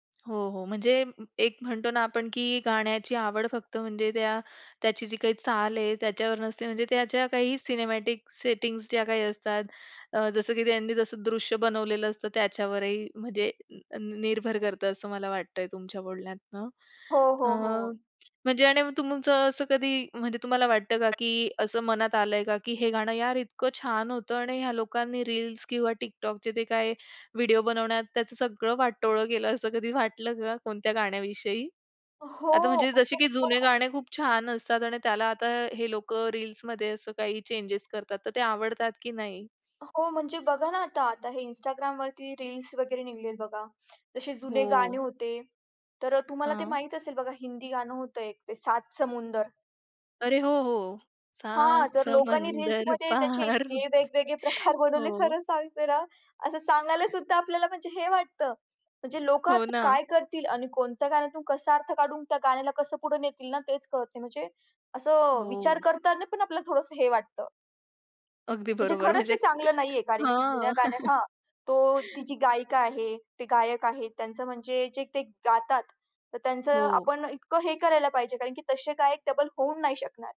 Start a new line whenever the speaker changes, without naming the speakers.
हो, हो. म्हणजे एक म्हणतो ना आपण, की गाण्याची आवड फक्त म्हणजे त्या त्याची जी काही चाल आहे, त्याच्यावर नसते म्हणजे त्याच्या काही सिनेमॅटिक सेटिंग्ज ज्या काही असतात अ, जसं की त्यांनी जसं दृश्य बनवलेलं असतं त्याच्यावरही म्हणजे निर्भर करतं असं मला वाटतंय तुमच्या बोलण्यातनं.
हो,
अ,
हो, हो.
म्हणजे आणि तुमचं असं कधी म्हणजे तुम्हाला वाटतं का, की असं मनात आलंय का, की हे गाणं यार इतकं छान होतं आणि ह्या लोकांनी रील्स किंवा TikTokचे ते काही व्हिडिओ बनवण्यात त्याचं सगळं वाटोळं केलं असं कधी वाटलं का कोणत्या गाण्याविषयी? आता
हो.
म्हणजे
अगदी
जसे की जुने
बरोबर.
गाणे खूप छान असतात आणि त्याला आता हे लोकं रील्समध्ये असं काही चेंजस करतात तर ते आवडतात की नाही?
हो, म्हणजे बघा ना, आता आता हे Instagramवरती रील्स वगैरे निघालेले आहेत बघा. जसे जुने गाणे
हो.
होते, तर अ, तुम्हाला ते
हां.
माहीत असेल बघा हिंदी गाणं होतं एक ते सात समुंदर?
अरे हो, हो.
हां.
सात
तर लोकांनी
समंदर
रील्समध्ये त्याचे
पार
इतके वेगवेगळे प्रकार बनवले
हो.
खरं सांगते ना, असं सांगायला सुद्धा आपल्याला म्हणजे हे वाटतं. म्हणजे लोकं
हो
आता
ना.
काय करतील आणि कोणत्या गाण्यातून कसा अर्थ काढून त्या गाण्याला कसं पुढं नेतील ना, तेच कळत नाही. म्हणजे असं विचार
हो.
करताना पण आपल्याला थोडंसं हे वाटतं.
अगदी
म्हणजे
बरोबर.
खरंच ते
म्हणजे ते
चांगलं नाहीये, कारण की जुन्या
हां.
गाण्या हां, तो ती जी गायिका आहे. ते गायक आहे त्यांचं म्हणजे जे ते गातात, तर त्यांचं
हो.
आपण इतकं हे करायला पाहिजे, कारण की तसे गायक डबल होऊ नाही शकणार.